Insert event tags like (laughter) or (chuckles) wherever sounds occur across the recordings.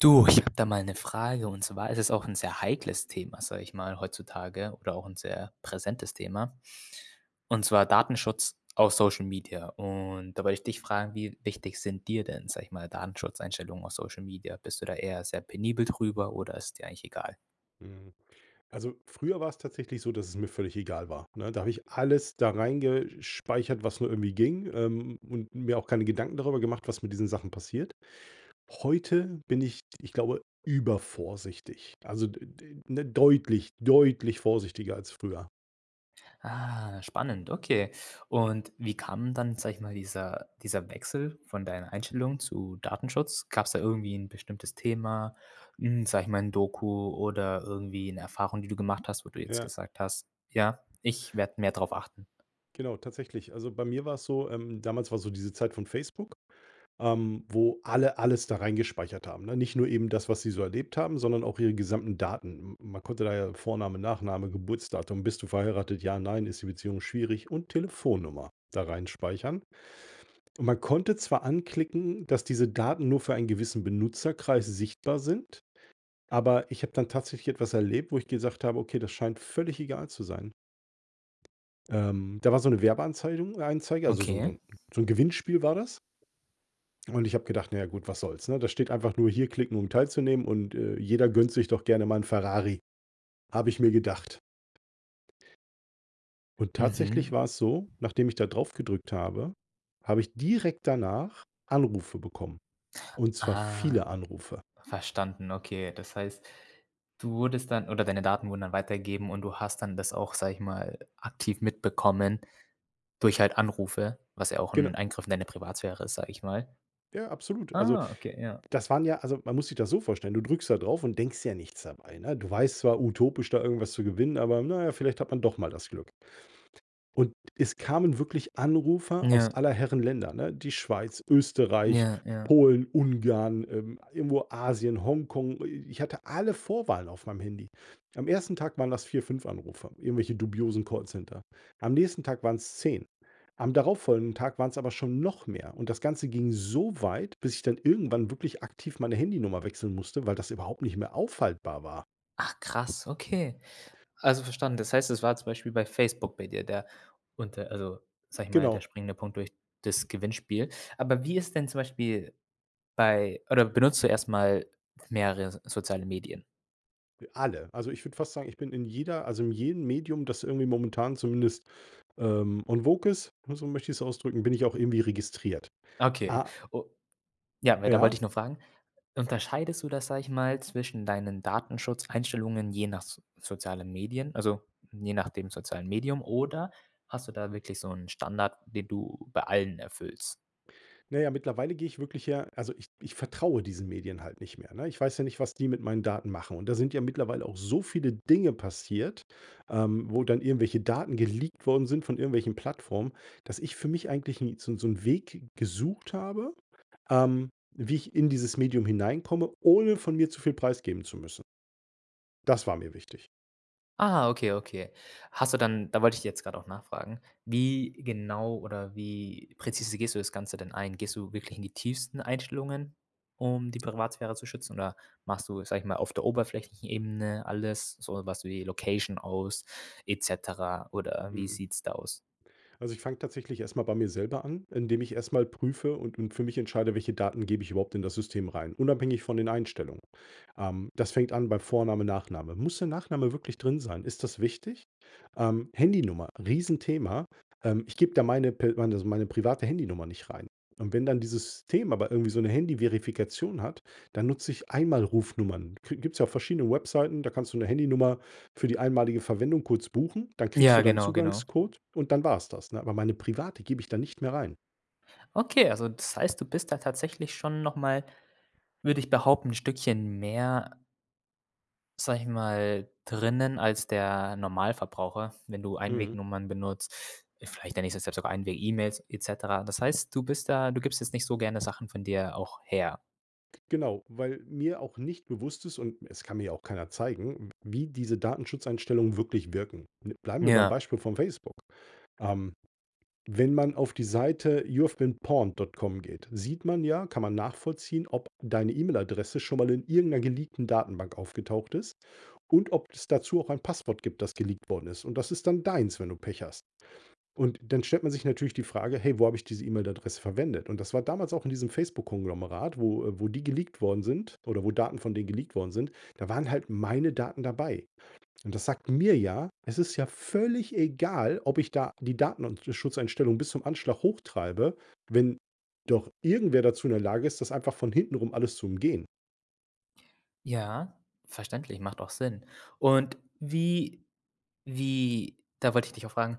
Du, ich habe da mal 'ne Frage und zwar ist es auch 'n sehr heikles Thema, sage ich mal, heutzutage oder auch 'n sehr präsentes Thema. Und zwar, Datenschutz auf Social Media. Und da wollte ich dich fragen: Wie wichtig sind dir denn, sage ich mal, Datenschutzeinstellungen auf Social Media? Bist du da eher sehr penibel drüber oder ist es dir eigentlich egal? Hm. Also, früher war's tatsächlich so, dass es mir völlig egal war, ne? Da habe ich alles da reingesch speichert, was nur irgendwie ging, ähm, und mir auch keine Gedanken darüber gemacht, was mit diesen Sachen passiert. Heute bin ich, ich glaube, übervorsichtig. Also d d ne, deutlich deutlich vorsichtiger als früher. Ah, spannend, okay. Und wie kam dann, sage ich mal, dieser dieser Wechsel von deinen Einstellungen zu Datenschutz? Gab's da irgendwie 'n bestimmtes Thema, hm, sage ich mal, 'n Doku oder irgendwie 'ne Erfahrung, die du gemacht hast, wo du jetzt Ja. gesagt hast: „Ja, ich werde mehr drauf achten.“ Genau, tatsächlich. Also, bei mir war's so ähm, damals war so diese Zeit von Facebook, ähm, wo alle alles da reingespeichert haben, ne? Nicht nur eben das, was sie so erlebt haben, sondern auch ihre gesamten Daten. M m man konnte da ja Vorname, Nachname, Geburtsdatum, bist du verheiratet? Ja, nein? ist die Beziehung schwierig, und Telefonnummer da reinspeichern. Und man konnte zwar anklicken, dass diese Daten nur für einen gewissen Benutzerkreis sichtbar sind, aber ich habe dann tatsächlich etwas erlebt, wo ich gesagt habe: „Okay, das scheint völlig egal zu sein.“ Ähm, da war so 'ne Werbeanzeidung Anzeige, also so 'n so Okay. 'n so 'n Gewinnspiel war das. Und ich habe gedacht: „Na ja gut, was soll's“, ne? Da steht einfach nur: „Hier klicken, um teilzunehmen“ und, äh: „Jeder gönnt sich doch gerne mal 'n Ferrari“, habe ich mir gedacht. Und tatsächlich war Mhm. es so, nachdem ich da drauf gedrückt habe, habe ich direkt danach Anrufe bekommen und zwar Ah. viele Anrufe. Verstanden, okay. Das heißt, du wurdest dann oder deine Daten wurden dann weitergegeben und du hast dann das auch, sage ich mal, aktiv mitbekommen durch halt Anrufe, was ja auch 'n Genau. Eingriff in deine Privatsphäre ist, sage ich mal. Ja, absolut. Also, Ah, okay, ja. das waren ja also, man muss sich das so vorstellen, du drückst da drauf und denkst dir ja nichts dabei, ne? Du weißt zwar: Utopisch, da irgendwas zu gewinnen, aber na ja, vielleicht hat man doch mal das Glück. Und es kamen wirklich Anrufe aus Ja. aller Herren Länder, ne? Die Schweiz, Österreich, Ja, ja. Polen, Ungarn, ähm, irgendwo Asien, Hongkong. I ich hatte alle Vorwahlen auf meinem Handy. Am 1. Tag waren das 4, 5 Anrufe, irgendwelche dubiosen Callcenter. Am nächsten Tag waren's 10. Am darauffolgenden Tag waren's aber schon noch mehr und das Ganze ging so weit, bis ich dann irgendwann wirklich aktiv meine Handynummer wechseln musste, weil das überhaupt nicht mehr aufhaltbar war. Ach krass, okay. Also verstanden. Das heißt, es war zum Beispiel bei Facebook bei dir, der unter also, sage ich mal, der Genau. springende Punkt durch das Gewinnspiel. Aber wie ist denn zum Beispiel bei oder benutzt du erst mal mehrere so soziale Medien? D alle. Also, ich würde fast sagen, ich bin in jeder also, in jedem Medium, das irgendwie momentan zumindest, ähm, en vogue ist, ne, so möchte ich's ausdrücken bin ich auch irgendwie registriert. Okay. Ah U ja, weiter wollte Ja? ich nur fragen. Unterscheidest du das, sage ich mal, zwischen deinen Datenschutzeinstellungen je nach so sozialen Medien, also, je nach dem sozialen Medium? Oder hast du da wirklich so 'n Standard, den du bei allen erfüllst? Na ja, mittlerweile gehe ich wirklich, ja also, ich ich vertraue diesen Medien halt nicht mehr, ne? Ich weiß ja nicht, was die mit meinen Daten machen. Und da sind ja mittlerweile auch so viele Dinge passiert, ähm, wo dann irgendwelche Daten geleakt worden sind von irgendwelchen Plattformen, dass ich für mich eigentlich nie so 'n so 'n Weg gesucht habe, ähm, wie ich in dieses Medium hineinkomme, ohne von mir zu viel preisgeben zu müssen. Das war mir wichtig. Ah, okay, okay. Hast du dann da wollte ich jetzt grad auch nachfragen, wie genau oder wie präzise gehst du das Ganze denn ein? Gehst du wirklich in die tiefsten Einstellungen, um die Privatsphäre zu schützen? Oder machst du, sage ich mal, auf der oberflächlichen Ebene alles, so was wie Location aus et cetera, oder wie Mhm. sieht's da aus? Also, ich fange tatsächlich erst mal bei mir selber an, indem ich erst mal prüfe und und für mich entscheide, welche Daten gebe ich überhaupt in das System rein, unabhängig von den Einstellungen. Ähm, das fängt an bei Vorname, Nachname. Muss der Nachname wirklich drin sein? Ist das wichtig? Ähm, Handynummer, riesen Thema. Ähm, ich gebe da meine pe meine meine private Handynummer nicht rein. Und wenn dann dieses Thema aber irgendwie so 'ne Handyverifikation hat, dann nutze ich Einmalrufnummern. Kri gibt's ja auch verschiedene Webseiten, da kannst du 'ne Handynummer für die einmalige Verwendung kurz buchen. Dann kriegst Ja, du deinen genau genau. Zugangscode und dann war's das, ne? Aber meine private gebe ich dann nicht mehr rein. Okay, also, das heißt, du bist da tatsächlich schon noch mal, würde ich behaupten, 'n Stückchen mehr sage ich mal, drinnen als der Normalverbraucher, wenn du Mhm. Einwegnummern benutzt. Vielleicht ist der nächste step sogar Einweg E-Mails et cetera. Das heißt, du bist da du gibst jetzt nicht so gerne Sachen von dir auch her. G genau, weil mir auch nicht bewusst ist und es kann mir auch keiner zeigen, w wie diese Datenschutzeinstellungen wirklich wirken. Bl bleiben wir beim Ja. Beispiel von Facebook. Ähm, wenn man auf die Seite youhavebeenpawned.com geht, sieht man ja kann man nachvollziehen, ob deine E-Mail-Adresse schon mal in irgend 'ner geleakten Datenbank aufgetaucht ist und ob es dazu auch ein Passwort gibt, das geleakt worden ist. Und das ist dann deins, wenn du Pech hast. Und dann stellt man sich natürlich die Frage: „Hey, wo habe ich diese E-Mail-Adresse verwendet?“ Und das war damals auch in diesem Facebook Konglomerat, wo, äh wo die geleakt worden sind oder wo Daten von denen geleakt worden sind, da waren halt meine Daten dabei. Und das sagt mir ja, es ist ja völlig egal, ob ich da die Datenschutzeinstellungen bis zum Anschlag hochtreibe, wenn doch irgendwer dazu in der Lage ist, das einfach von hintenrum alles zu umgehen. Ja, verständlich, macht auch Sinn. Und wie wie da wollte ich dich auch fragen,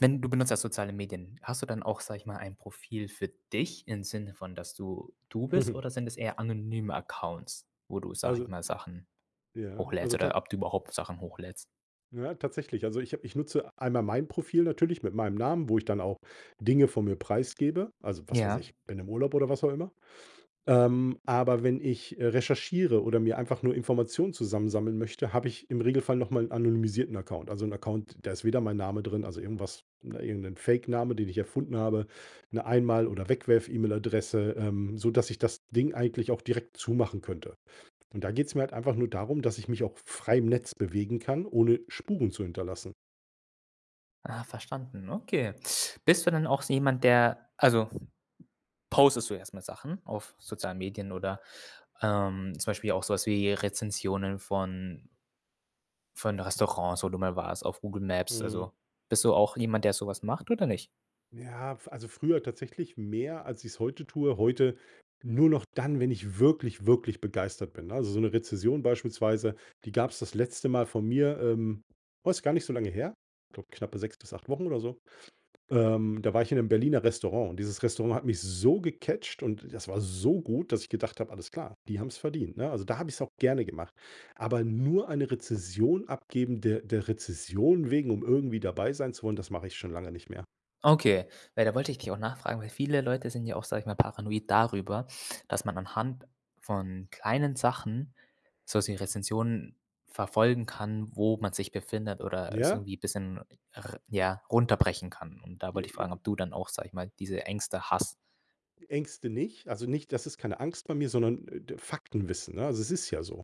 wenn du benutzt ja soziale Medien, hast du dann auch, sage ich mal, ein Profil für dich im Sinne von, dass du du bist? (chuckles) Oder sind es eher anonyme Accounts, wo du, sage ich Also mal, Sachen ja hochlädst also, oder tat ob du überhaupt Sachen hochlädst? ja, tatsächlich. Also, ich habe ich nutze einmal mein Profil natürlich mit meinem Namen, wo ich dann auch Dinge von mir preisgebe, also, was weiß Ja. ich, bin im Urlaub oder was auch immer. Ähm, aber wenn ich, äh, recherchiere oder mir einfach nur Informationen zusammensammeln möchte, habe ich im Regelfall noch mal 'n anonymisierten Account. Also, 'n Account, da ist weder mein Name drin, also, irgendwas ne, irgend 'nen Fake Name, den ich erfunden habe, 'ne Einmal oder Wegwerf-E-Mail-Adresse, ähm, sodass ich das Ding eigentlich auch direkt zumachen könnte. Und da geht's mir halt einfach nur darum, dass ich mich auch f frei im Netz bewegen kann, ohne Spuren zu hinterlassen. Ah, verstanden. Okay. Bist du denn auch so jemand, der also postest du erst mal Sachen auf sozialen Medien oder, ähm, zum Beispiel auch so was wie Rezensionen von von Restaurants, wo du mal warst auf Google Maps? Mhm. Also, bist du auch jemand, der so was macht oder nicht? Ja, f also, früher tatsächlich mehr, als ich's heute tue. Heute nur noch dann, wenn ich wirklich, wirklich begeistert bin, ne? Also, so 'ne Rezension beispielsweise, die gab's das letzte Mal von mir, ähm, war jetzt gar nicht so lange her, glaube knappe 6 bis 8 Wochen oder so. Ähm, da war ich in 'nem Berliner Restaurant. Und dieses Restaurant hat mich so gecatcht und das war so gut, dass ich gedacht habe: „Alles klar, die haben's verdient“, ne? Also, da habe ich's auch gerne gemacht. Aber nur eine Rezension abgeben de der Rezension wegen, um irgendwie dabei sein zu wollen, das mache ich schon lange nicht mehr. Okay. Ja, da wollte ich dich auch nachfragen, weil viele Leute sind ja auch, sage ich mal, paranoid darüber, dass man anhand von kleinen Sachen sowas wie Rezensionen verfolgen kann, wo man sich befindet oder es Ja? irgendwie bisschen r ja, runterbrechen kann. Und da J wollte ich fragen, ob J du dann auch, sage ich mal, diese Ängste hast. Ängste nicht. Also, nicht das ist keine Angst bei mir, sondern, äh, d Faktenwissen, ne? Also, es ist ja so.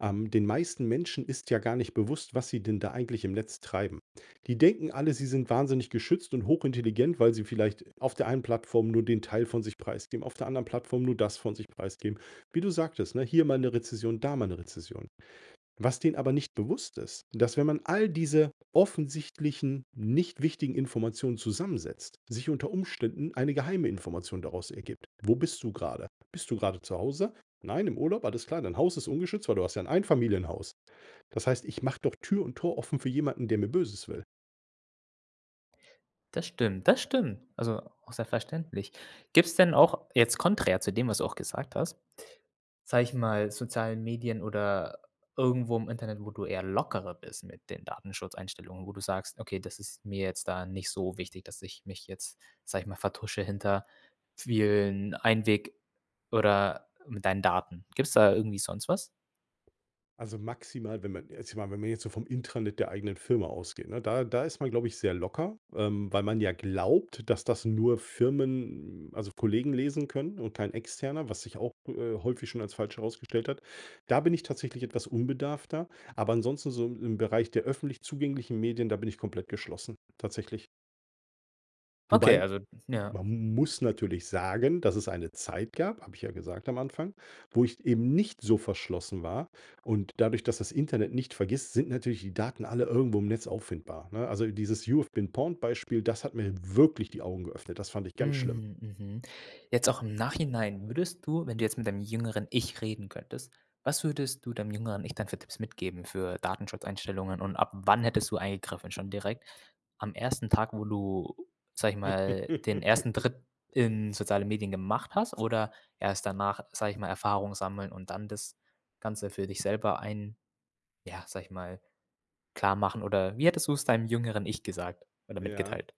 Ähm, den meisten Menschen ist ja gar nicht bewusst, was sie denn da eigentlich im Netz treiben. Die denken alle, sie sind wahnsinnig geschützt und hochintelligent, weil sie vielleicht auf der einen Plattform nur den Teil von sich preisgeben, auf der anderen Plattform nur das von sich preisgeben. Wie du sagtest, ne, hier mal 'ne Rezession, da mal 'ne Rezession. Was denen aber nicht bewusst ist, dass wenn man all diese offensichtlichen, nicht wichtigen Informationen zusammensetzt, sich unter Umständen eine geheime Information daraus ergibt. Wo bist du grade? Bist du grade zu Hause? Nein, im Urlaub, alles klar. Dein Haus ist ungeschützt, weil du hast ja 'n Einfamilienhaus. Das heißt, ich mache doch Tür und Tor offen für jemanden, der mir Böses will. Das stimmt, das stimmt. Also, auch sehr verständlich. Gibt's denn auch, jetzt konträr zu dem, was du auch gesagt hast, sage ich mal, sozialen Medien oder irgendwo im Internet, wo du eher lockerer bist mit den Datenschutzeinstellungen, wo du sagst: „Okay, das ist mir jetzt da nicht so wichtig, dass ich mich jetzt, sage ich mal, vertusche hinter vielen Einweg oder mit deinen Daten.“ Gibt's da irgendwie sonst was? Also, maximal, wenn man jetzt, ich meine, wenn wir jetzt so vom Intranet der eigenen Firma ausgehen, ne, da da ist man, glaube ich, sehr locker, ähm, weil man ja glaubt, dass das nur Firmen, also, Kollegen lesen können und kein Externer, was sich auch, äh, häufig schon als falsch herausgestellt hat. Da bin ich tatsächlich etwas unbedarfter, aber ansonsten, so im im Bereich der öffentlich zugänglichen Medien, da bin ich komplett geschlossen tatsächlich. Okay, Wobei, also ja. man m muss natürlich sagen, dass es eine Zeit gab- habe ich ja gesagt am Anfang- wo ich eben nicht so verschlossen war. Und dadurch, dass das Internet nicht vergisst, sind natürlich die Daten alle irgendwo im Netz auffindbar, ne? Also, dieses „You have been Pawned“ Beispiel, das hat mir wirklich die Augen geöffnet. Das fand ich ganz schlimm. Mhm, mhm. Jetzt auch im Nachhinein würdest du wenn du jetzt mit deinem jüngeren Ich reden könntest, was würdest du deinem jüngeren Ich dann für Tipps mitgeben für Datenschutzeinstellungen und ab wann hättest du eingegriffen? Schon direkt am 1. Tag, wo du, sage ich mal, den 1. (laughs) Trip in soziale Medien gemacht hast? Oder erst danach, sage ich mal, Erfahrung sammeln und dann das Ganze für dich selber ein ja, sage ich mal, klarmachen? Oder wie hättest du's deinem jüngeren Ich gesagt oder Ja. mitgeteilt?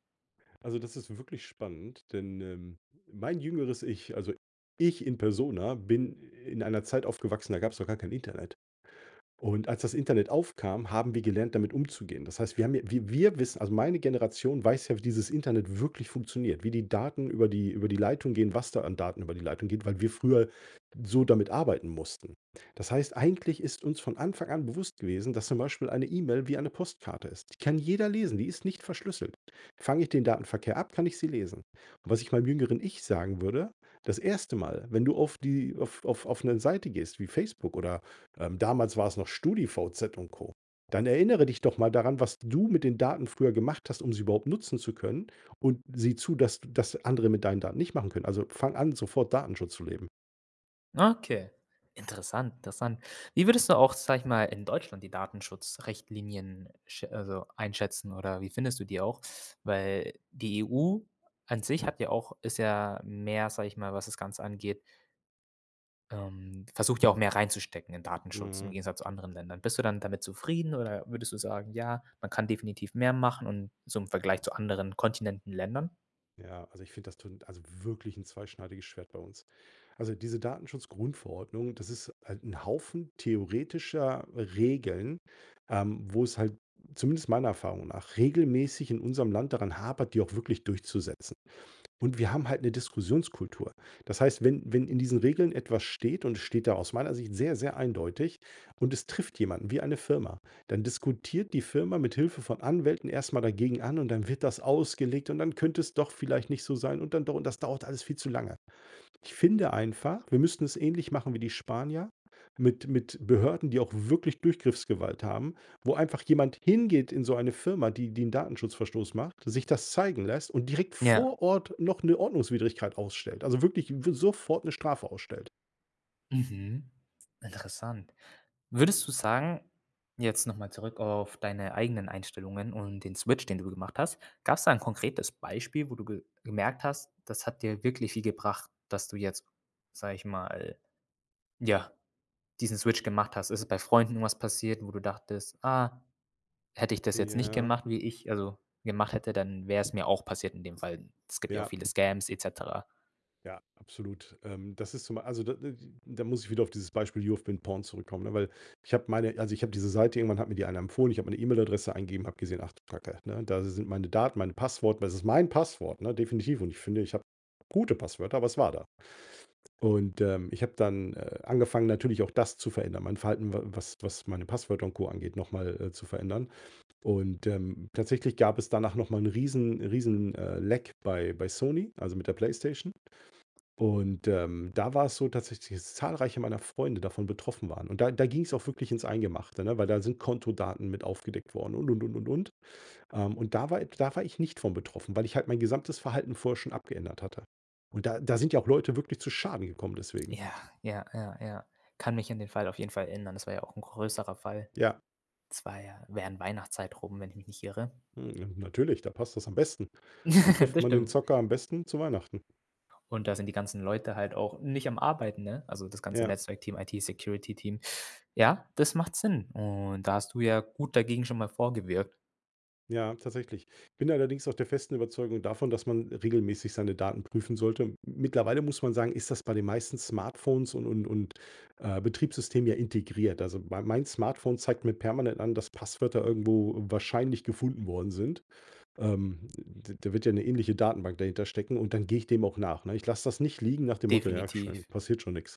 Also, das ist wirklich spannend, denn, ähm, mein jüngeres Ich, also ich in Persona, bin in einer Zeit aufgewachsen, da gab's noch gar kein Internet. Und, als das Internet aufkam, haben wir gelernt, damit umzugehen. Das heißt, wir haben ja wir wir wissen also meine Generation weiß ja, wie dieses Internet wirklich funktioniert, wie die Daten über die über die Leitung gehen, was da an Daten über die Leitung geht, weil wir früher so damit arbeiten mussten. Das heißt, eigentlich ist uns von Anfang an bewusst gewesen, dass zum Beispiel eine E-Mail wie eine Postkarte ist. Die kann jeder lesen, die ist nicht verschlüsselt. Fange ich den Datenverkehr ab, kann ich sie lesen. Und was ich meinem jüngeren Ich sagen würde: Das 1. Mal, wenn du auf die auf auf auf 'ne Seite gehst wie Facebook oder, ähm, damals war's noch StudiVZ und Co, dann erinnere dich doch mal daran, was du mit den Daten früher gemacht hast, um sie überhaupt nutzen zu können und sieh zu, dass das andere mit deinen Daten nicht machen können. Also, fang an, sofort Datenschutz zu leben. Okay, interessant, interessant. Wie würdest du auch, sage ich mal, in Deutschland die Datenschutzrichtlinien schä also, einschätzen oder wie findest du die auch? Weil die EU an sich hat ja auch ist ja mehr, sage ich mal, was das Ganze angeht ähm, versucht ja auch mehr reinzustecken in Datenschutz im Hm. Gegensatz zu anderen Ländern. Bist du dann damit zufrieden oder würdest du sagen: „Ja, man kann definitiv mehr machen und zum Vergleich zu anderen Kontinenten, Ländern?“ Ja, also, ich finde, das tut also, wirklich 'n zweischneidiges Schwert bei uns. Also, diese Datenschutzgrundverordnung, das ist halt 'n Haufen theoretischer Regeln, ähm, wo es halt, zumindest meiner Erfahrung nach, regelmäßig in unserem Land daran hapert, die auch wirklich durchzusetzen. Und wir haben halt 'ne Diskussionskultur. Das heißt, wenn wenn in diesen Regeln etwas steht und es steht da aus meiner Sicht sehr, sehr eindeutig und es trifft jemanden wie eine Firma, dann diskutiert die Firma mithilfe von Anwälten erst mal dagegen an und dann wird das ausgelegt und dann könnte es doch vielleicht nicht so sein und dann doch und das dauert alles viel zu lange. Ich finde einfach, wir müssten es ähnlich machen wie die Spanier mit mit Behörden, die auch wirklich Durchgriffsgewalt haben, wo einfach jemand hingeht in so eine Firma, die die 'n Datenschutz Verstoß macht, sich das zeigen lässt und direkt Ja. vor Ort noch 'ne Ordnungswidrigkeit ausstellt, also, wirklich w sofort 'ne Strafe ausstellt. Mhm. Interessant. Würdest du sagen, jetzt noch mal zurück auf deine eigenen Einstellungen und den Switch, den du gemacht hast gab's da 'n konkretes Beispiel, wo du ge gemerkt hast: Das hat dir wirklich viel gebracht, dass du jetzt, sage ich mal, ja, diesen Switch, gemacht hast? Ist es bei Freunden was passiert, wo du dachtest: „Ah, hätte ich das jetzt nicht Ja. gemacht, wie ich also gemacht hätte, dann wär's mir auch passiert in dem Fall.“ Es gibt ja auch Ja. viele Scams et cetera. Ja, absolut. Ähm, das ist zum ei also da da da muss ich wieder auf dieses Beispiel „you have been pawnd“ zurückkommen, ne, weil ich habe meine also ich habe diese Seite irgendwann hat mir die einer empfohlen, ich habe meine E-Mail-Adresse eingegeben, habe gesehen: „Ach du Kacke“, ne? Da si sind meine Daten, meine Passwort, das ist mein Passwort, ne, definitiv. Und ich finde, ich habe gute Passwörter, aber es war da. Und, ähm, ich habe dann, äh, angefangen, natürlich, auch das zu verändern. Mein Verhalten, w was was meine Passwörter und Co. angeht, noch mal, äh, zu verändern. Und, ähm, tatsächlich gab es danach noch mal 'n riesen riesen, äh, Leck bei bei Sony, also mit der Playstation. Und, ähm, da war es so tatsächlich, dass zahlreiche meiner Freunde davon betroffen waren. Und da da ging's auch wirklich ins Eingemachte, ne, weil da sind Kontodaten mit aufgedeckt worden und, und, und, und, und. Ähm, und da war i da war ich nicht von betroffen, weil ich halt mein gesamtes Verhalten vorher schon abgeändert hatte. Und da da sind ja auch Leute wirklich zu Schaden gekommen deswegen. Ja, ja, ja, ja. Kann mich an den Fall auf jeden Fall erinnern. Das war ja auch 'n größerer Fall. Ja. Das war ja während Weihnachtszeit rum, wenn ich mich nicht irre. Hm, ne, natürlich, da passt das am besten. Wo (giggles) trifft Das man den stimmt. Zocker am besten? Zu Weihnachten. Und da sind die ganzen Leute halt auch nicht am Arbeiten, ne? Also, das ganze Ja. Netzwerkteam, IT-Security-Team. Ja, das macht Sinn. Und da hast du ja gut dagegen schon mal vorgewirkt. Ja, tatsächlich. Bin allerdings auch der festen Überzeugung davon, dass man regelmäßig seine Daten prüfen sollte. M mittlerweile muss man sagen, ist das bei den meisten Smartphones und und und, äh, Betriebssystem ja integriert. Also, mein mein Smartphone zeigt mir permanent an, dass Passwörter irgendwo wahrscheinlich gefunden worden sind. Ähm, d da wird ja 'ne ähnliche Datenbank dahinter stecken und dann gehe ich dem auch nach, ne? Ich lasse das nicht liegen nach dem Motto: Ja, Definitiv. schön, passiert schon nix.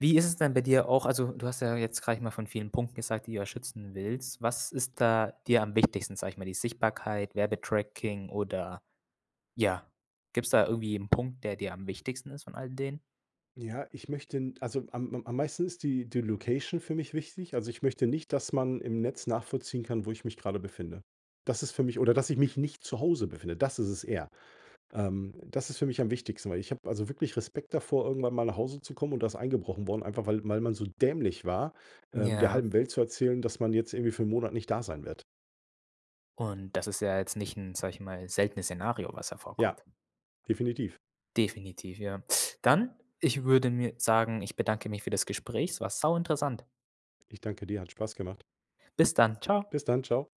Wie ist es denn bei dir auch also, du hast ja jetzt, sage ich mal, von vielen Punkten gesagt, die du da schützen willst. Was ist da dir am wichtigsten, sage ich mal, die Sichtbarkeit, Werbetracking oder, ja, gibt's da irgendwie 'n Punkt, der dir am wichtigsten ist von all den? Ja, ich möchte also, am am am meisten ist die die Location für mich wichtig. Also, ich möchte nicht, dass man im Netz nachvollziehen kann, wo ich mich gerade befinde. Das ist für mich oder dass ich mich nicht zu Hause befinde, das ist es eher. Ähm, das ist für mich am wichtigsten, weil ich habe also wirklich Respekt davor, irgendwann mal nach Hause zu kommen und da ist eingebrochen worden, einfach weil weil man so dämlich war, ähm, der Ja. halben Welt zu erzählen, dass man jetzt irgendwie für 1 Monat nicht da sein wird. Und das ist ja jetzt nicht 'n, sag ich mal, seltenes Szenario, was ja Ja, vorkommt. definitiv. Definitiv, ja. Dann, ich würde mir sagen: Ich bedanke mich für das Gespräch. Es war sauinteressant. Ich danke dir, hat Spaß gemacht. Bis dann. Tschau. Bis dann. Tschau.